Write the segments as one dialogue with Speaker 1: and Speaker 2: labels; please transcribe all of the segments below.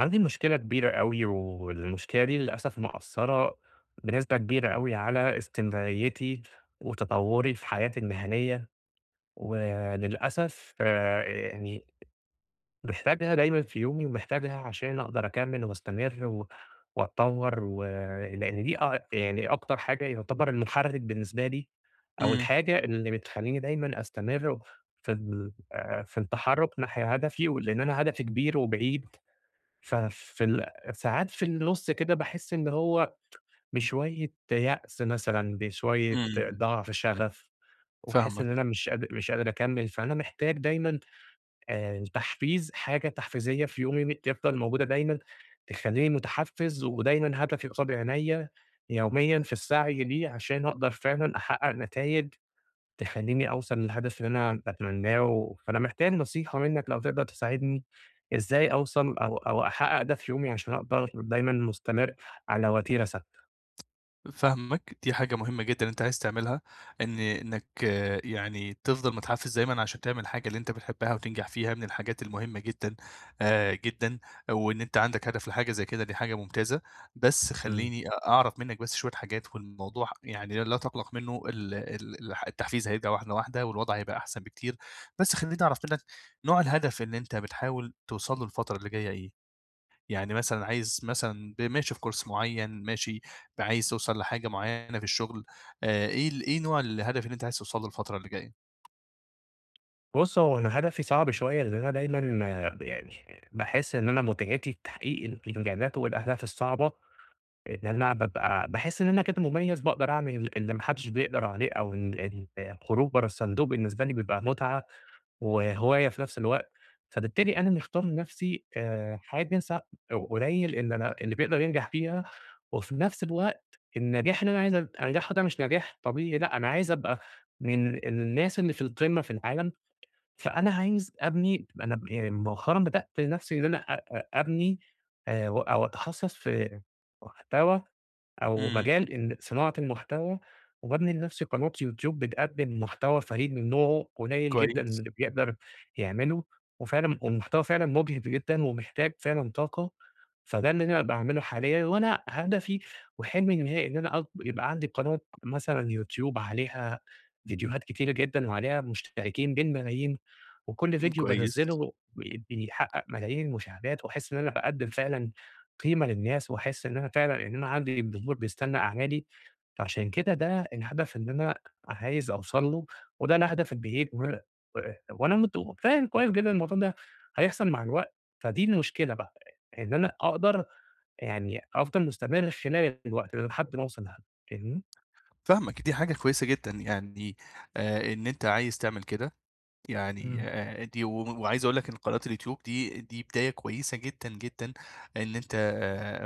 Speaker 1: عندي مشكلة كبيرة أوي والمشكلة دي للأسف مأثّرة بنسبة كبيرة أوي على استمراريتي وتطوّري في حياتي المهنية، وللأسف يعني، محتاجها دايمًا في يومي ومحتاجها عشان أقدر أكَمّل وأستمر و وأتطوّر و لإن دي أع يعني أكتر حاجة يعتبر المحرِّك بالنسبة لي، أو
Speaker 2: إمم.
Speaker 1: الحاجة اللي بتخلّيني دايمًا أستمر في ال آآ في التحرُّك ناحية هدفي، و لإن أنا هدفي كبير وبعيد ففي ال ساعات في النُص كده باحس إن هو بشوية يأس مثلًا بشوية
Speaker 2: إمم.
Speaker 1: ضعف شغف، وأحس
Speaker 2: فاهمك.
Speaker 1: إن أنا مش قاد مش قادر أكَمّل، فأنا محتاج دايمًا آآ تحفيز حاجة تحفيزية في يومي م تفضل موجودة دايمًا، تخلّيني متحفز ودايمًا هدفي قصاد عينيّا يوميًا في السعي ليه عشان أقدر فعلًا أحقق نتايج، تخلّيني أوصل للهدف اللي أنا باتمناه و فأنا محتاج نصيحة منّك لو تقدر تساعدني، إزاي أوصل أو أو أحقق ده في يومي عشان أقدر دايمًا مستمر على وتيرة ثابتة؟
Speaker 2: فاهمك دي حاجة مهمة جدًا أنت عايز تعملها، إن إنك يعني تفضل متحفز دايمًا عشان تعمل حاجة اللي أنت بتحبها وتنجح فيها من الحاجات المهمة جدًا آآ جدًا وإن أنت عندك هدف لحاجة زي كده دي حاجة ممتازة، بس
Speaker 1: امم.
Speaker 2: خليني أعرف منك بس شوية حاجات والموضوع يعني لا تقلق منه ال ال ال التحفيز هيرجع واحدة واحدة والوضع هيبقى أحسن بكتير بس خليني أعرف منك، نوع الهدف اللي أنت بتحاول توصل له الفترة اللي جاية إيه؟ يعني مثلًا عايز مثلًا ب ماشي في كورس معين ماشي ب عايز توصل لحاجة معينة في الشغل آآ إيه ال إيه نوع الهدف اللي أنت عايز توص له الفترة اللي جاية..
Speaker 1: بُص هو أنا هدفي صعب شوية لأن أنا دايمًا آآ ب يعني باحس إن أنا متعتي تحقيق الإنجازات والأهداف الصعبة. إن أنا بابقى باحس إن أنا كنت مُميز باقدر أعمل اللي ما حدش بيقدر عليه أو ال الخروج برا الصندوق بالنسبة لي بيبقى متعة وهواية في نفس الوقت، فبالتالي أنا مختار لنفسي آآ حاجة س قليل إن أنا اللي بيقدر ينجح فيها، وفي نفس الوقت النجاح اللي أنا عايز أن أنجحه ده مش نجاح طبيعي، لأ أنا عايز أبقى من ال الناس اللي في القمة في العالم، فأنا عايز أبني ما أنا ب إي مؤخرًا بدأت نفسي إن أنا أ أ أبني أو أتخصص في محتوى أو
Speaker 2: امم.
Speaker 1: مجال ال صناعة المحتوى وبابني لنفسي قناة YouTube بتقدم محتوى فريد من نوعه قليل جدًا
Speaker 2: كويس.
Speaker 1: اللي بيقدر يعمله وفعلًا والمحتوى فعلًا مُجهِد جدًا ومحتاج فعلًا طاقة، فده اللي أنا باعمله حاليًا وأنا هدفي وحلمي النهائي إن أنا أك يبقى عندي قناة مثلًا YouTube عليها فيديوهات كتيرة جدًا وعليها مشتركين بالملايين وكل
Speaker 2: أم
Speaker 1: فيديو
Speaker 2: كويس.
Speaker 1: بانزله بي بيحقق ملايين المشاهدات وأحس إن أنا باقدم فعلًا قيمة للناس وأحس إن أنا فعلًا أنا عندي جمهور بيستنى أعمالي فعشان كده ده الهدف إن أنا عايز أوصل له وده الهدف البعيد و و وانا مت فاهم كويس جدًا الموضوع ده هيحصل مع الوقت، فدي المشكلة بقى إن أنا أقدر يعني أفضل مُستمر خلال الوقت ده لحد ما اوصل لهدف. فاهمني؟
Speaker 2: فاهمك دي حاجة كويسة جدًا يعني آآ إن أنت عايز تعمل كده يعني
Speaker 1: امم.
Speaker 2: آآ دي و وعايز أقول لك إن قناة الYouTube دي دي بداية كويسة جدًا، جدًا إن أنت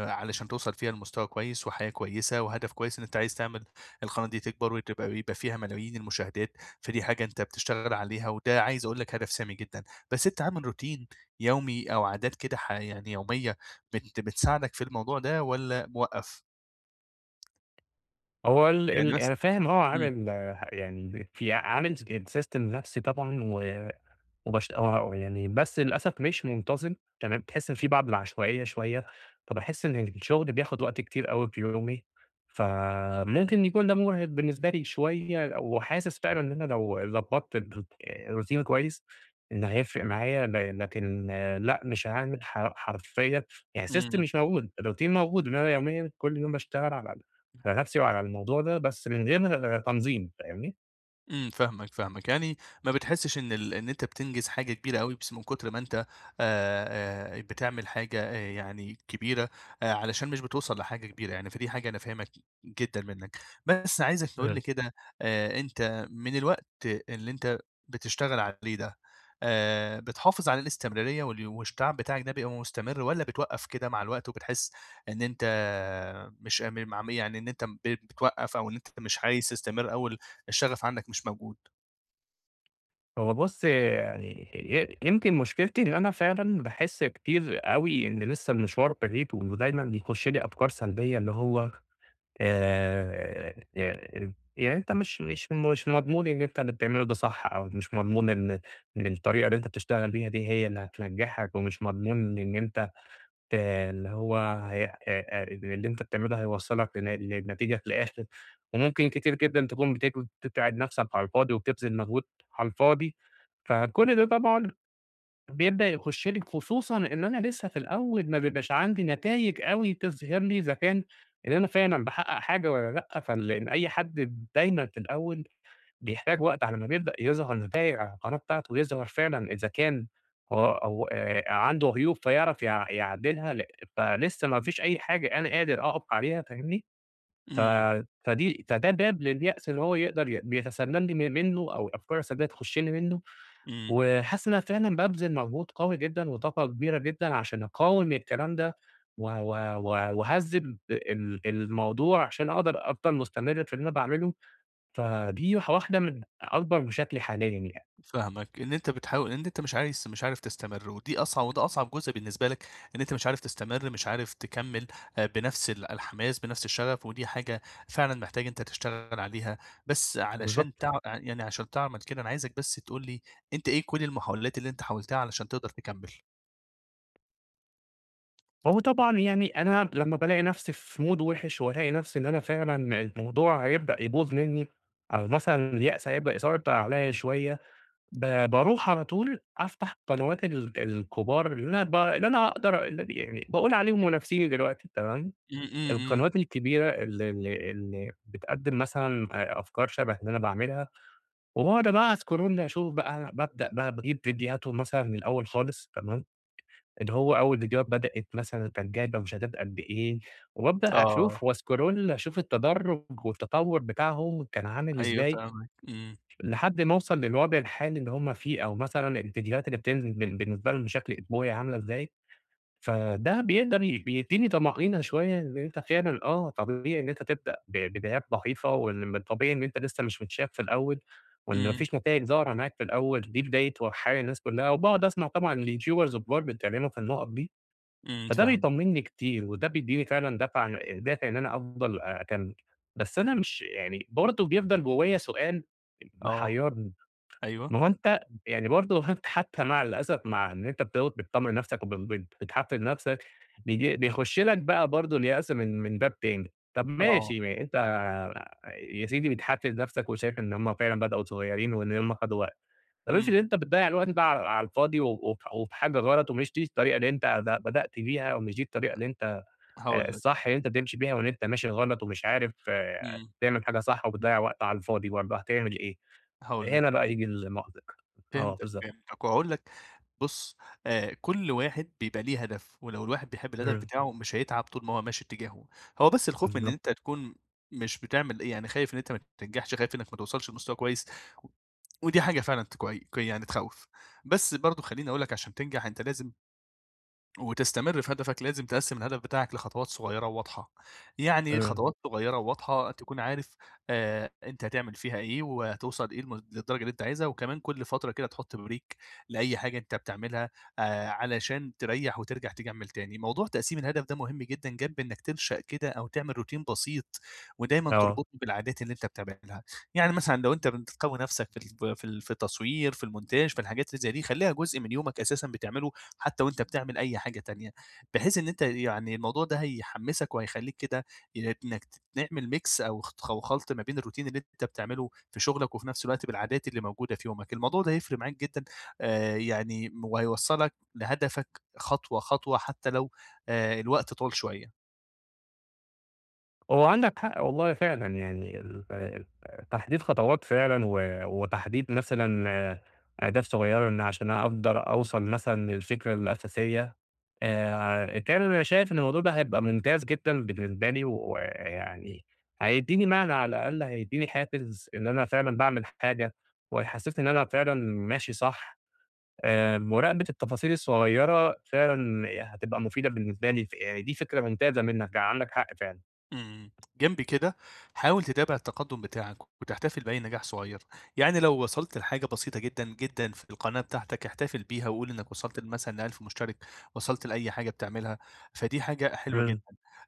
Speaker 2: علشان توصل فيها لمستوى كويس وحياة كويسة وهدف كويس إن أنت عايز تعمل القناة دي تكبر وتبقى يبقى فيها ملايين المشاهدات فدي حاجة أنت بتشتغل عليها وده عايز أقول لك هدف سامي جدًا، بس أنت عامل روتين يومي أو عادات كده ح يعني يومية بت بتساعدك في الموضوع ده والّا موقّف؟
Speaker 1: هو ال
Speaker 2: يعني
Speaker 1: ال أنا
Speaker 2: مثلًا
Speaker 1: فاهم هو
Speaker 2: امم.
Speaker 1: عامل يعني في عامل sy system لنفسي طبعًا و وبش يعني بس للأسف مش منتظم تمام، تحس في بعض العشوائية شوية، فباحس إن الشغل بياخد وقت كتير أوي في يومي فممكن يكون ده مُرهق بالنسبة لي شوية، وحاسس فعلًا إن أنا لو ضبطت الر الروتين كويس إن هيفرق معايا ل لكن لأ مش هاعمل ح حرفيًا يعني system
Speaker 2: امم.
Speaker 1: مش موجود الروتين موجود إنما يوميًا كل يوم باشتغل على ن نفسي وعلى الموضوع ده بس من غير تنظيم فاهمني؟
Speaker 2: إمم فاهمك، فاهمك، يعني ما بتحسّش إن ال إن أنت بتنجز حاجة كبيرة اوي بس من كُتر ما أنت آآ آآ بتعمل حاجة آآ يعني كبيرة، علشان مش بتوصل لحاجة كبيرة يعني، فدي حاجة أنا فاهمها ج جدًا منك، بس عايزك تقول لي
Speaker 1: آه.
Speaker 2: كده آآ أنت من الوقت اللي أنت بتشتغل عليه ده، آآ بتحافظ على الاستمرارية وال [unintelligible] تَعب بتاعك ده بيبقى مستمر؟ والّا بتوقف كده مع الوقت وبتحس إن أنت مش أ م مع م يعني إن أنت ب بتوقّف أو إن أنت مش عايز تستمر، أو ال الشغف عندك مش موجود؟
Speaker 1: هو بُصّ يعني ي يمكن مشكلتي إن أنا فعلًا باحس كتير أوي إن لسّه المشوار بعيد ودايمًا يخش لي أفكار سلبية اللي هو، آآ ي إ يعني أنت مش مش مش مضمون إن أنت اللي بتعمله ده صح أو مش مضمون إن إن الطريقة اللي أنت بتشتغل بيها دي هي اللي هتنجحك، ومش مضمون إن أنت ت اللي هو ه أ أ اللي إن أنت اللي بتعمله ده هيوصّلك لن لنتيجة في الآخر، وممكن كتير جدًا تكون بتج بتتعِب نفْسك على الفاضي وبتبذل مجهود على الفاضي، فكلّ ده طبعًا بيبدأ يخش لي خصوصًا إن أنا لسّه في الأول ما بيبقاش عندي نتايج أوي تظهِر لي إذا كان إن أنا فعلًا باحقق حاجة والّا لأ، فاللي أي حد دايمًا في الأول بيحتاج وقت على ما بيبدأ يظهر نتايج على القناة بتاعته، ويظهر فعلًا إذا كان أ أو آآ عنده عيوب فيعرف يع يعدّلها ل فلسّه ما فيش أي حاجة أنا قادر أقف عليها فاهمني، ف
Speaker 2: إمم.
Speaker 1: فدي فده باب لليأس اللي هو يقدر ي بيتسلل لي م منه أو الأفكار السلبية تخش لي منه،
Speaker 2: إمم.
Speaker 1: وحاسس إن أنا فعلًا بابذل مجهود قوي جدًا وطاقة كبيرة جدًا عشان أقاوم الكلام ده، و و و وأهذّب ال الموضوع عشان أقدر أفضل مستمر في اللي أنا باعمله، فدي واح واحدة من أكبر مشاكلي حاليًا يعني.
Speaker 2: فاهمك، إن أنت بتحاول إن أنت مش عايز مش عارف تستمر، ودي أصع وده أصعب جزء بالنسبة لك، إن أنت مش عارف تستمر مش عارف تكمّل آآ بنفْس ال الحماس بنفْس الشغف، ودي حاجة فعلًا محتاجة أنت تشتغل عليها، بس علشان
Speaker 1: بالضبط.
Speaker 2: تع يعني عشان تعمل كده أنا عايزك بس تقول لي، أنت إيه كلّ المحاولات اللي أنت حاولتها علشان تقدر تكمّل؟
Speaker 1: هو طبعًا يعني أنا لما بالاقي نفسي في مود وِحِش، وألاقي نفسي إن أنا فعلًا الموضوع هيبدأ يبوظ منّي أو مثلًا اليأس هيبدأ يسيطر عليّا شويّة ب باروح على طول أفتح قنوات ال الكبار اللي أنا ب اللي أنا أقدر اللي أنا يعني باقول عليهم منافسيني دلوقتي تمام،
Speaker 2: إمم إمم إمم.
Speaker 1: القنوات الكبيرة اللي اللي اللي بتقدّم مثلًا أ أفكار شبه اللي أنا باعملها، وباقعُد بقى اسكرول اشوف بقى أنا بابدأ بقى باجيب فيديوهاتهم مثلًا من الأول خالص تمام، اللي هو أول فيديوهات بدأت مثلًا كانت جايبة مشاهدات قد إيه، وبابدأ أشوف
Speaker 2: آه.
Speaker 1: واسكرول أشوف التدرّج والتطوّر بتاعهم كان عامل
Speaker 2: أيوه
Speaker 1: ازاي
Speaker 2: فاهمك إمم.
Speaker 1: لحد ما اوصل للوضع الحالي اللي هُم فيه أو مثلًا الفيديوهات اللي بتنزل بال بالنسبة لهم بشكل اسبوعي عاملة إزاي، فده بيقدر ي بيديني طَمأنينة شويّة [unintelligible] آه طبيعي إن أنت تبدأ ب بدايات ضعيفة، وال من طبيعي إن أنت لسه مش متشاف في الأول وإن ما
Speaker 2: إمم.
Speaker 1: فيش نتايج ظاهرة معاك في الأول دي بداية وح الناس كلّها، وباقعُد أسمع طبعًا ليوتيوبرز كبار بيتكلموا في النقط دي
Speaker 2: إمم
Speaker 1: فده
Speaker 2: فاهمك.
Speaker 1: بيطمّنني كتير، وده بيديني فعلًا دافعة أ دافع إن أنا أفضل أ أكمل بس أنا مش يعني برضه بيفضل جوّايا سؤال أ
Speaker 2: آه
Speaker 1: محيّرني ما
Speaker 2: أيوه.
Speaker 1: هو أنت يعني برضه أنت حتى مع الأسف مع إن أنت بتقعُد بتطمن نفسك وب بت بتحفِّز نفسك بييج بيخشّ لك بقى برضه اليأس من من باب تاني طب
Speaker 2: آه.
Speaker 1: ماشي ما أ أنت يا سيدي بتحفِّز نفسك وشايف إن هُم فعلًا بدأو صغيّرين وإن هُم خدوا وقت، طب افرض
Speaker 2: إمم.
Speaker 1: أنت بتضيّع الوقت ده على على الفاضي و وف وفي حاجة غلط ومش دي الطريقة اللي أنت ب بدأت بيها، ومش دي الطريقة اللي أنت
Speaker 2: [unintelligible]
Speaker 1: أ
Speaker 2: هاقول لك..
Speaker 1: الصح اللي أنت تمشي بيها وإن أنت ماشي غلط ومش عارف يعني
Speaker 2: إمم.
Speaker 1: تعمل حاجة صح وبتضيّع وقت على الفاضي برضه هاتعمل إيه؟
Speaker 2: هاقول لك.
Speaker 1: هنا بقى ييجي المأزق. آه
Speaker 2: فهمتك
Speaker 1: بالضبط.
Speaker 2: فهمتك وهاقول لك بُص آآ كل واحد بيبقى ليه هدف، ولو الواحد بيحب الهدف
Speaker 1: إمم.
Speaker 2: بتاعه مش هيتعب طول ما هو ماشي اتجاهة، هو بس الخوف من إن أنت
Speaker 1: الضبط.
Speaker 2: تكون مش بتعمل أ يعني خايف إن أنت ما تنجحش، خايف إنّك ما توصلش لمستوى كويّس و ودي حاجة فعلًا [unintelligible] ك يعني تخوّف، بس برضه خلّيني اقول لك عشان تنجح أنت لازم وتستمر في هدفك لازم تقسّم الهدف بتاعك لخطوات صغيّرة وواضحة، يعني
Speaker 1: إمم.
Speaker 2: خطوات صغيّرة وواضحة تكون عارف آآ أنت هتعمل فيها إيه وهتوصل إيه للم للدرجة اللي أنت عايزها، وكمان كل فترة كده تحط Break لأي حاجة أنت بتعملّها آآ علشان تريّح وترجع تكمّل تاني، موضوع تقسيم الهدف ده مهم جدًا جنب إنّك تنشأ كده أو تعمل روتين بسيط ودايمًا
Speaker 1: آه.
Speaker 2: تربطني بالعادات اللي أنت بتعملها، يعني مثلًا لو أنت بتقوّي نفسك في ال في ال في التصوير في المونتاج في الحاجات اللي زي دي خلّيها جُزء من يومك أساسًا بتعمله حتى وأنت بتعمل أي حاجة تانية بحيث إن أنت يعني الموضوع ده هيحمّسك وهيخلّيك كده ي إنّك تعمل Mix أو أتخ أو خلط ما بين الروتين اللي أنت بتعمله في شغلك وفي نفس الوقت بالعادات اللي موجودة في يومك، الموضوع ده هيفرِق معاك جدًا آأ يعني م وهيوصّلك لهدفك خطوة خطوة حتى لو آآ الوقت طوّل شويّة.
Speaker 1: هو عندك حق والله فعلًا، يعني ال ال تحديد خطوات فعلًا، و وتحديد مثلًا أهداف صغيّرة لأن عشان أقدر أوصل مثلًا للفكرة الأساسية، آآ [unintelligible] أنا شايف إن الموضوع ده هيبقى ممتاز جدًا بالنسبة لي ويعني، هيديني معنى على الأقل، هيديني حافز، إن أنا فعلًا باعمل حاجة، وهيحسسني إن أنا فعلًا ماشي صح، آآ مراقبة التفاصيل الصغيّرة فعلًا هتبقى مفيدة بالنسبة لي، فدي فكرة ممتازة منّك يعني عندك حق فعلًا.
Speaker 2: آمم جنب كده، حاول تتابع التقدّم بتاعك وتحتفل بأي نجاح صغيّر، يعني لو وصلت لحاجة بسيطة جدًا، جدًا في القناة بتاعتك، احتفل بيها وقل إنّك وصلت لمثلًا ل1000 مشترك، وصلت لأي حاجة بتعملها، فدي حاجة حلوة جدًا،
Speaker 1: امم.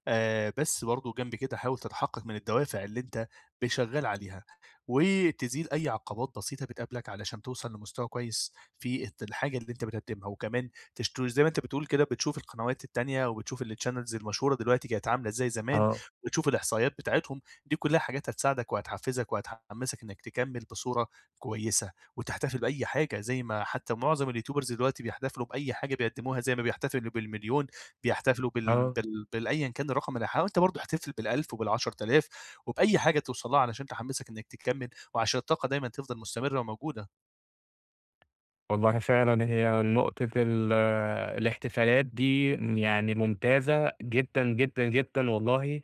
Speaker 2: آآ بس برضو جنب كده حاول تتحقق من الدوافع اللي أنت ب شغال عليها، وتزيل أي عقبات بسيطة بتقابلك علشان توصل لمستوى كويّس، في ات الحاجة اللي أنت بتقدمها، وكمان تشت زي ما أنت بتقول كده بتشوف القنوات التانية وبتشوف الchannels المشهورة دلوقتي كانت عاملة إزاي زمان،
Speaker 1: آه.
Speaker 2: وتشوف الإحصائيات بتاعتهم، دي كلّها حاجات هتساعدك وهتحفزك وهتحمسك إنّك تكمل بصورة كويّسة وتحتفل بأي حاجة زي ما حتّى معظم اليوتيوبرز دلوقتي بيحتفلوا بأي حاجة بيقدموها زي ما بيحتفلوا بال1.000.000، بيحتفلوا بال
Speaker 1: آه.
Speaker 2: بال بالأيًا كان الرقم اللي حاول أنت برضو احتفل بال1000 وبال10.000 وبأي حاجة توصل لها عشان تحمسك إنّك تكمل، وعشان الطاقة دايمًا تفضل مستمرة وموجودة.
Speaker 1: والله فعلًا هي نقطة ال الاحتفالات دي يعني ممتازة جدًا، جدًا، جدًا والله،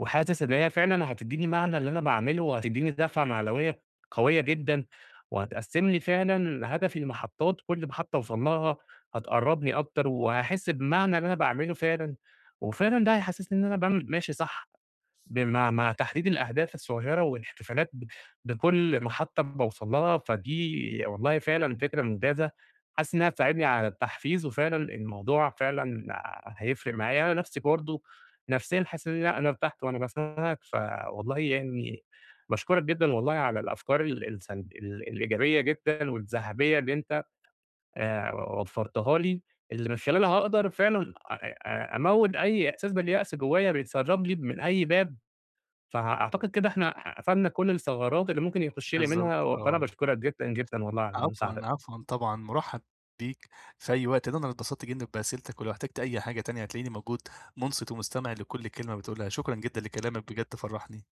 Speaker 1: وحاسس إن هي فعلًا هتدّيني معنى اللي أنا باعمله، وهتدّيني دَفعة معنوية قوية جدًا، وهتقَسّم لي فعلًا هدفي لمحطات كلّ محطة أوصَل لها هتقربني أكتر وهاحس بمعنى اللي أنا باعمله فعلًا، وفعلًا ده هيحسّسني إن أنا باعمل ماشي صح، بمع مع تحديد الأهداف الصغيّرة والاحتفالات ب بكلّ محطة باوصل لها، فدي ي والله فعلًا فكرة ممتازة، حاسس إنها هتساعدني على التحفيز وفعلًا الموضوع فعلًا هيفرق معايا، أنا نفْسي برضه نفْسيًا حاسس إن لأ أنا ارتحت وأنا باسمعك، فوالله يعني باشكرك جدًا والله على الأفكار ال السلب ال الإيجابية جدًا، والذهبية اللي أنت آآ، و وفرتها لي، اللي من خلالها هاقدر فعلًا أ أموّت أي إحساس باليأس جوايا بيتسرب لي من أي باب، فأعتقد كده إحنا قفلنا كلّ الثغرات اللي ممكن يخش لي
Speaker 2: بالضبط،
Speaker 1: منها، و فأنا
Speaker 2: آه.
Speaker 1: باشكرك جدًا، جدًا والله على
Speaker 2: عفوًا،
Speaker 1: المساعدة.
Speaker 2: عفوًا طبعًا، مُرحب بيك في أي وقت، ده أنا اللي اتبسطت جدًا بأسئلتك ولو احتجت أي حاجة تانية هتلاقيني موجود، مُنصِت ومستمع لكلّ كلمة بتقولها، شكرًا جدًا لكلامك بجد فَرَحني.